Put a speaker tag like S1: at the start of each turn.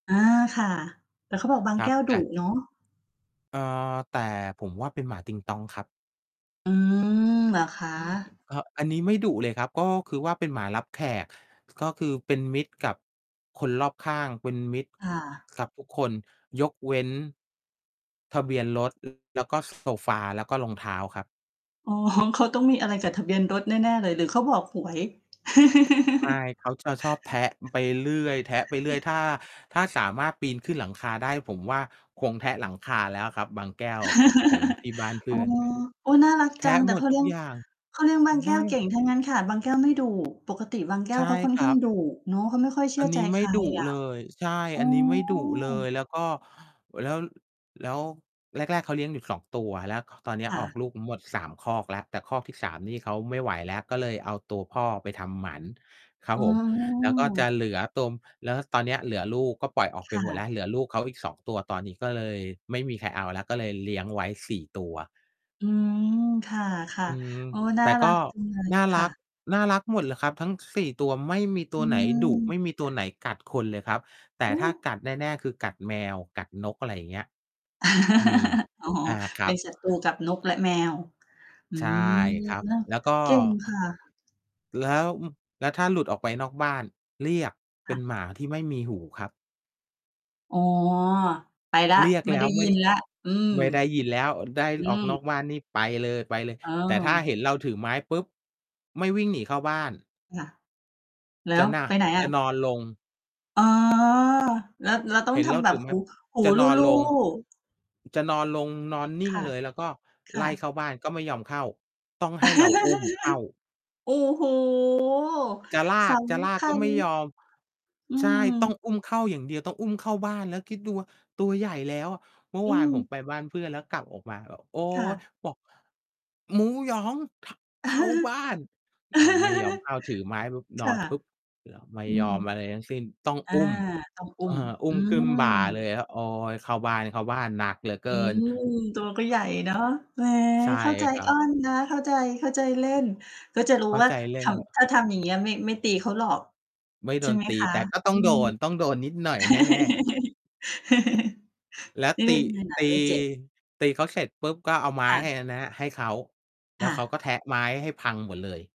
S1: อา ค่ะ แต่เขาบอกบาง
S2: คร
S1: แ
S2: ั
S1: ก
S2: บ
S1: ้ว
S2: แ
S1: ดุ
S2: ต่
S1: เนาะ
S2: เอ่อ แต่ผมว่าเป็นหมาติงต๊องครับ
S1: อืม เหรอคะ?
S2: อืม เหอะ อันนี้ไม่ดุเลยครับ ก็คือว่าเป็นหมารับแขก ก็คือเป็นมิตรกับคนรอบข้าง เป็นมิตร
S1: อา
S2: กับทุกคน ยกเว้น ทะเบียนรถ แล้วก็โซฟา แล้วก็รองเท้าครับ
S1: อ๋อ เขาต้องมีอะไรกับทะเบียนรถแน่ ๆ เลย หรือเขาบอกหวย
S2: ใช่ เขาจะชอบแทะไปเรื่อย แทะไปเรื่อย ถ้า ถ้าสามารถปีนขึ้นหลังคาได้ ผมว่าคงแทะหลังคาแล้วครับ บางแก้วของที่บ้านเพ
S1: อ๋
S2: ื่
S1: อ
S2: อน
S1: โอ๊ย น่ารัก
S2: แท
S1: จ
S2: ะ
S1: ัง แต
S2: ห
S1: ่
S2: ม
S1: เ
S2: ด
S1: ขา
S2: ท
S1: เ
S2: ุ
S1: ลี้
S2: ก
S1: ยง
S2: อย่าง
S1: เขาเลี้ยงบาง
S2: ไ
S1: แ
S2: ห
S1: ก
S2: น
S1: ้วเก
S2: อ
S1: ่
S2: ะ
S1: ง ถ้างั้น ขนาดบางแก้ว ไม่ดุ ปกติบางแก้
S2: ใช
S1: ว
S2: ่
S1: เขาค่อน
S2: คร
S1: ข้
S2: ั
S1: าง
S2: บ
S1: ดุเนาะ เขาไม่ค่อยเชื
S2: อ
S1: ่
S2: ั
S1: อ
S2: น
S1: ใ
S2: น
S1: จ
S2: ี้ไ
S1: ใ
S2: ม
S1: ค
S2: ่
S1: ร
S2: ดุ
S1: อะ
S2: เลย ใช่
S1: อ๋อ
S2: อันนี้ไม่ดุเลย แล้วก็ เว แล้ว แล้ว แรก ๆ เขาเลี้ยงอยู่ 2 ตัว แล้ว ค ตอนเนี้
S1: ค
S2: ย
S1: ่
S2: ออ
S1: ะ
S2: กลูกทั้งหมด 3 ครอกแล้ว แต่ครอกที่ 3 นี่เขาไม่ไหวแล้ว ก็เลยเอาตัวพ่อไปทำหมันครั
S1: อ
S2: บ
S1: ๋
S2: ผม แล้วก็จะ
S1: อ
S2: เหลือตัว แล้วตอนเนี้ยเหลือลูก ก็ปล่อยออก
S1: ค
S2: ไป
S1: ่
S2: หมดแ
S1: ะ
S2: ล้ว เหลือลูกเขาอีก 2 ตัว ตอนนี้ก็เลยไม่มีใครเอาแล้ว ก็เลยเลี้ยงไว้ 4 ตัว
S1: อืม ค่ะ
S2: อืม
S1: ๆ โอ้ น่
S2: แต
S1: า
S2: ่
S1: ร
S2: ก
S1: ั
S2: ็
S1: กจังเลย
S2: น่า
S1: ค
S2: ร
S1: ่
S2: ัก
S1: ะ
S2: น่ารักหมดเลยครับ ทั้ง 4 ตัว ไม่มีต
S1: อ
S2: ัวไหนดุ ไ
S1: ืม
S2: ม่มีตัวไหนกัดคนเลยครับ แต่
S1: โอ
S2: ถ้า
S1: ้
S2: กัดแน่ ๆ คือกัดแมว กัดนก อะไรอย่างเงี้ย มี
S1: อ๋อ
S2: อา ค
S1: เ
S2: ร
S1: ป
S2: ั
S1: ็
S2: บ
S1: นศัตรูกับนกและแมว อื
S2: ใช่
S1: ม
S2: ครับ
S1: เนาะ
S2: แล้วก็
S1: เก่งค่ะ
S2: แล้ว แล้วถ้าหลุดออกไปนอกบ้าน เรียก เ
S1: ค
S2: ป็
S1: ่
S2: น
S1: ะ
S2: หมาที่ไม่มีหูครับ
S1: อ๋อ ไปแล้ว
S2: เรียก
S1: ไม่
S2: แล้
S1: ได้
S2: วไ
S1: ย
S2: ม
S1: ิ
S2: ่
S1: นแล้ว อืม
S2: ไม่ได้ยินแล้ว ได้
S1: อื
S2: ออ
S1: ม
S2: กนอกบ้านนี่ไปเลย ไปเลย
S1: โอ
S2: แต่ถ้า
S1: ้
S2: เห็นเราถือไม้ปุ๊บ ไม่วิ่งหนีเข้าบ้าน
S1: ค่ะ แล
S2: จ
S1: ้ว?
S2: ะหนั
S1: ไป
S2: ก
S1: ไหนอ
S2: จ
S1: ะ?
S2: ะนอนลง
S1: อ๋อ แล้ว แล้วต้อ
S2: เห
S1: ง
S2: ็น
S1: ท
S2: แล้ว
S1: ำแบ
S2: ถื
S1: บ
S2: อไม
S1: ห
S2: ้แบ
S1: ู
S2: บ
S1: หู
S2: จะนอน
S1: ลู
S2: ล
S1: ่
S2: ง
S1: ๆ
S2: จะนอนลง นอนนิ
S1: ค
S2: ่ง
S1: ่ะ
S2: เลย แล้วก็
S1: ค
S2: ไ
S1: ่
S2: ล
S1: ะ
S2: ่เข้าบ้านก็ไม่ยอมเข้า ต้องให้เราอุ้มเข้า
S1: โอ้โฮ
S2: จะลา
S1: ส
S2: ก จะล
S1: ำ
S2: า
S1: ค
S2: ก
S1: ั
S2: ก็
S1: ญ
S2: ไม่ยอม
S1: อื
S2: ใช่ ต้อ
S1: ม
S2: งอุ้มเข้าอย่างเดียว ต้องอุ้มเข้าบ้าน แล้วคิดดูว่าตัวใหญ่แล้วอะ เมื่อ
S1: อื
S2: วานผ
S1: ม
S2: มไปบ้านเพื่อน แล้วกลับออกมาแบบ โอ๊
S1: ค่
S2: ย
S1: ะ
S2: บอก "หมูยอง ข เข้าบ้าน!" อะ ไม่ยอมเข้า ถือไม้ปุ๊บ น
S1: ค
S2: อ
S1: ่ะ
S2: นปุ๊บ เดี๋ยวไม่
S1: อื
S2: ยอ
S1: ม
S2: มอะไรทั้งสิ้น ต้อง
S1: อา
S2: อุ้ม
S1: ต้องอุ
S2: เ
S1: ้
S2: ออ
S1: ม
S2: อุ้
S1: อื
S2: มขึ้นบ่าเล
S1: ม
S2: ยอะ โอ๊ย เข้าบ้าน เข้าบ้าน หนักเหลือเ
S1: อ
S2: ก
S1: ื
S2: ิน
S1: ม ตัวก็ใหญ่ เนาะ แหม
S2: ใช่
S1: เข้าใจ
S2: ครั
S1: อ้
S2: บ
S1: อนนะ เข้าใจ เข้าใจเล่น ก็จะรู้
S2: เข้า
S1: ว่า
S2: ใจเล
S1: ท
S2: ่นครับ
S1: ำ ถ้าทำ อย่างงี้อะ ไม่ ไม่ตีเขาหรอก
S2: ไม่โ
S1: ใ
S2: ด
S1: ช่
S2: น
S1: ไหม
S2: ตี
S1: คะ?
S2: แต่ก็ต
S1: อ
S2: ้
S1: ื
S2: องโด
S1: ม
S2: น ต้องโดนนิดหน่อยแน่ ๆ แล้ว
S1: เล่
S2: ตี
S1: นนี่แหล
S2: ต
S1: ะ
S2: ี
S1: ไม่เจ็บ
S2: ตีเขาเสร็จปุ๊บ ก็เอาไม
S1: ค
S2: ้
S1: ่ะ
S2: ให้ อันเนี้ย ให้เขา แล
S1: ค
S2: ้ว
S1: ่
S2: เขาก็
S1: ะ
S2: แทะไม้ให้พังหมดเลย